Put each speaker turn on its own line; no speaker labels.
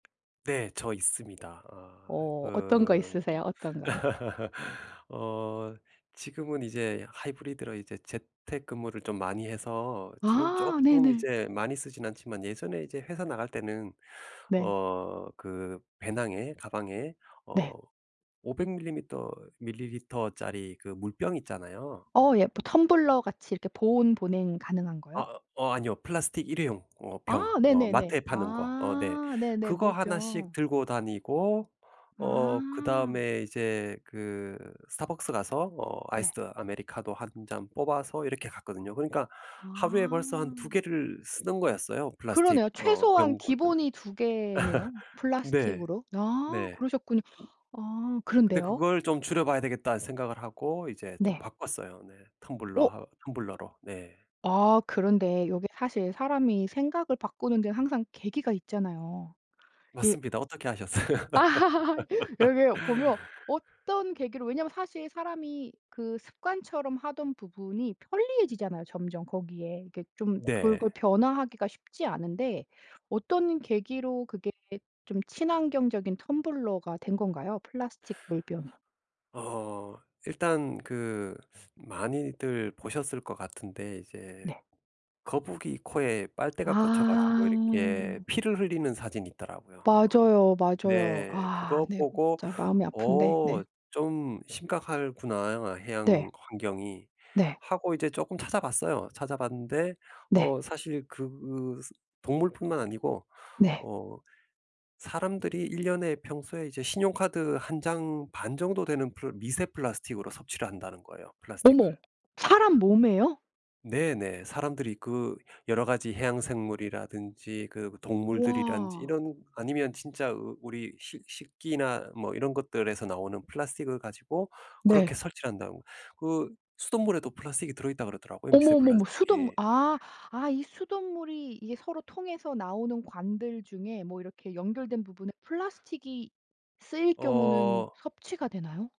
네. 저 있습니다. 아
어 어떤 거
그
있으세요? 어떤 거요?
어 지금은 이제 하이브리드로 이제 재택근무를 좀 많이 해서 지금
아
쪼끔
네네.
이제 많이 쓰진 않지만 예전에 이제 회사 나갈 때는
네.
어 그 배낭에 가방에 어
네.
500 밀리미터 밀리리터짜리 그 물병 있잖아요.
어 예. 뭐 텀블러같이 이렇게 보온, 보냉 가능한 거요?
아 어 아니요. 플라스틱 일회용 어
아
병 어
네네네.
마트에 파는 거. 어 네.
아 네네.
그거 하나씩
물병.
들고 다니고 어
아.
그다음에 이제 그 스타벅스 가서 어 아이스
네.
아메리카노 1 잔 뽑아서 이렇게 갔거든요. 그러니까 하루에 벌써 한 2
아.
개를 쓰는 거였어요 플라스틱
그러네요.
어
최소한
병 [unintelligible]
기본이 2 개네요.
네.
플라스틱으로. 아
네.
그러셨군요. 아,
그 근데
그런데요?
그걸 좀 줄여 봐야 되겠다는 생각을 하고 이제 좀
네.
바꿨어요. 네. 텀블러
어.
하 텀블러로. 네.
아 그런데 이게 사실 사람이 생각을 바꾸는데 항상 계기가 있잖아요. 이
맞습니다. 어떻게 아셨어요?
여기 보면 어떤 계기로 왜냐하면 사실 사람이 그 습관처럼 하던 부분이 편리해지잖아요, 점점 거기에. 이게 좀
네.
그걸 변화하기가 쉽지 않은데 어떤 계기로 그게 좀 친환경적인 텀블러가 된 건가요? 플라스틱 물병이.
어 일단 그 많이들 보셨을 것 같은데 이제
네.
거북이 코에 빨대가 꽂혀 가지고 이렇게
아.
피를 흘리는 사진이 있더라고요. 어
맞아요, 맞아요.
네.
아
그거
네. 음
보고
진짜 마음이 아픈데 네.
'어 좀 심각하구나. 해양
네.
환경이.'
네.
하고 이제 쪼끔 찾아 봤어요. 찾아 봤는데
네.
어 사실 그 스 동물뿐만 아니고
네.
어 사람들이 1 년에 평소에 이제 신용카드 1 장 반정도 되는 플 미세 플라스틱으로 섭취를 한다는 거예요, 플라스틱을.
어머 사람 몸에요?
네네. 사람들이 그 여러 가지 해양생물이라든지 그 동물들이라든지
와.
이런 아니면 진짜 우 우리 식 식기나 뭐 이런 것들에서 나오는 플라스틱을 가지고 그렇게
네.
섭취한다고 그 수돗물에도 플라스틱이 들어있다 그러더라고요, 미세
어머머머 수돗물
플라스틱이.
아 아 이 수돗물이 이게 서로 통해서 나오는 관들 중에 뭐 이렇게 연결된 부분에 플라스틱이 쓰일 경우는
어.
섭취가 되나요?